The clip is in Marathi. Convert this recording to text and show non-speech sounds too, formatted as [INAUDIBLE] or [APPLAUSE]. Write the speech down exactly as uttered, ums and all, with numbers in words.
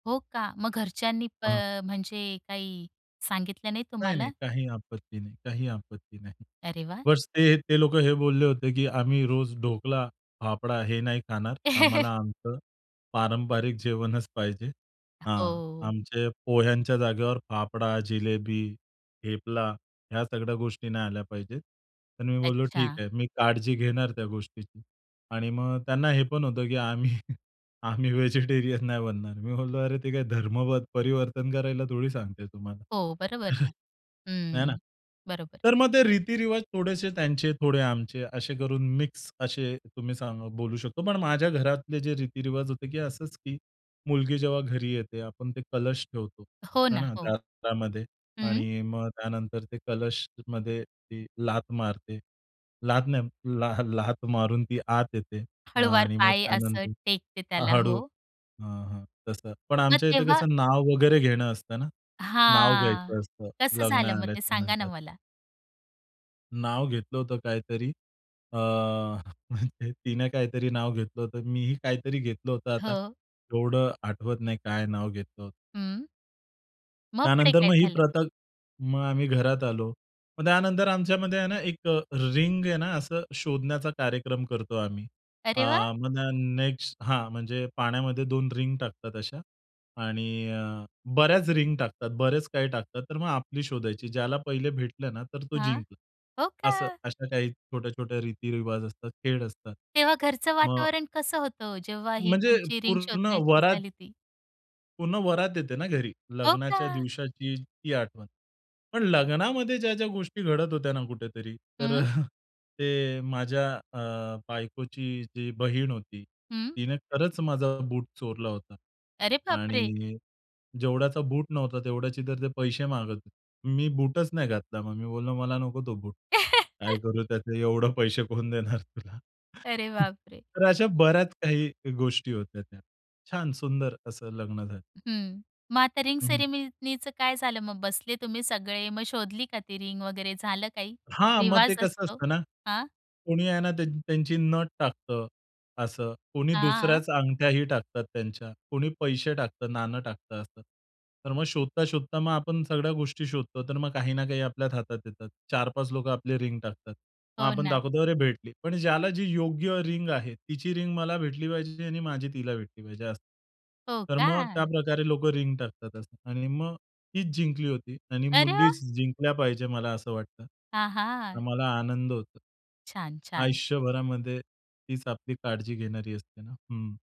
हो का? मग घरच्यांनी प हां. अ, म्हणजे काही सांगितलं नाही नाही, नाही. तुम्हाला? काही आपत्ती नाही, काही आपत्ती नाही. अरे वाह! बस ते ते लोकं हे बोलले होते, की आम्ही रोज ढोकला फाफडा हे नाही खाणार. आम्हाला [LAUGHS] आमचं पारंपरिक जेवणच पाहिजे. हां. हो. आमचे पोह्यांच्या जागेवर फाफडा, जिलेबी, थेपला ह्या सगळ्या गोष्टी नाही आल्या पाहिजेत. तर मी बोललो ठीक अच्छा. आहे, मी काळजी घेणार त्या गोष्टीची. आणि मग त्यांना हे पण होतं, की आम्ही आम्ही [CHUCKLES] व्हेजिटेरियन नाही बनणार. मी बोललो, "अरे ते काय धर्म ध परिवर्तन करायला थोडी सांगते तुम्हाला." हो, बरोबर. [CHUCKLES] आहे ना. हम्म, बरोबर. तर मग ते रीती-रिवाज थोडेसे त्यांचे, थोडे आमचे असे करून, मिक्स असे तुम्ही सा बोलू शकतो. पण माझ्या घरातले जे रीती-रिवाज होते, की असंच की मुलगी जेव्हा घरी येते, आपण ते कलश ठेवतो हो आहे ना, ना, हो. दारामध्ये हं. आणि मग त्यानंतर ते कलशमध्ये ती लात मारते. लात नाही [CHUCKLES] लात मारून ती आत येते. आ, हळुवार आणि मग पाय असं त्यानंतर टेकते त्याला. हळू हो. हं, हं. तसं पण मग आमच्या इथे तेव्हा कसं नाव वगैरे घेणं असतं ना. नाव हां, घ्यायचं असतं कसं लग्न झालं मग ते सांगा ना झाल्याच्यानंतर. मला? नाव घेतलं होतं काहीतरी अ, [CHUCKLES] तिने काहीतरी नाव घेतलं होतं. मीही काहीतरी घेतलं होतं. आता हो. एवढं आठवत नाही काय नाव घेतलं होतं. हं. मग पुढे त्यानंतर काय मग ही झालं? प्रथा, मग आम्ही घरात आलो. मग त्यानंतर आमच्यामध्ये आहे ना, एक रिंग आहे ना, असं शोधण्याचा कार्यक्रम करतो आम्ही. आ, अरे वाह! मग त्या न नेक्स्ट. हां म्हणजे पाण्यामध्ये दोन रिंग टाकतात अशा. आणि अ, बऱ्याच रिंग टाकतात, बरेच काही टाकतात, तर मग आपली शोधायची. ज्याला पहिले भेटलं ना, तर तो हां. जिंकला. हो असं, का. अशा काही छोट्या-छोट्या रीती-रिवाज असतात, खेळ असतात. तेव्हा घरचं मग वातावरण कसं होतं ओ? जेव्हा ही म्हणजे तुमची रिंग पूर्ण शोधण्याची वरात झाली ती? पूर्ण वरात येते ना घरी. हो लग्नाच्या का. दिवसाची ती आठवण. पण लग्नामध्ये ज्या-ज्या गोष्टी घडत होत्या ना, कुठेतरी तर हं. [CHUCKLES] अ, ते अ, माझ्या अ, बायकोची जी बहीण होती. हं. तिने खरंच माझा बूट चोरला होता अरे बापरे! आणि अ, जेवढ्याचा बूट नव्हता तेवढ्याची तर ते पैसे मागत होते. मी बूटच नाही घातला मग. मी बोललो, "मला नको तो बूट. काय [LAUGHS] करू त्याचे? एवढे पैसे कोण देणार तुला?" अरे [CHUCKLES] बापरे! तर अशा बऱ्याच काही गोष्टी होत्या त्या. छान सुंदर असं लग्न झालं हं. मग आता रिंग हं. सेरेमनीचं काय झालं? मग बसले तुम्ही सगळे मग शोधली का ती रिंग वगैरे, झालं काही? हां. मग ते रिवाज कसं असतो. असतं ना. हां. कोणी आहे ना त्यांची, त्यांची नथ टाकतं असं. कोणी हां. दुसऱ्याच अंगठ्याही टाकतात, त्यांच्या कोणी पैसे टाकतं, नाणं टाकतं असं. तर मग शोधता-शोधता मग आपण सगळ्या गोष्टी शोधतो. तर मग काही ना, काही आपल्याच हातात येतात. चार पाच लोकं आपली रिंग टाकतात. मग हो आपण ना. दाखवतो, "अरे भेटली." पण ज्याला जी योग्य रिंग आहे तिची रिंग मला भेटली पाहिजे आणि माझी तिला भेटली पाहिजे. हो तर मग का. त्याप्रकारे लोक रिंग टाकतात असं. आणि मग तीच जिंकली होती आणि अरे वा! मुलीच जिंकल्या पाहिजे मला असं वाटतं. तर अहा! मला आनंद होतो. छान, छान. आयुष्यभरामध्ये तीच आपली काळजी घेणारी असते ना. हं.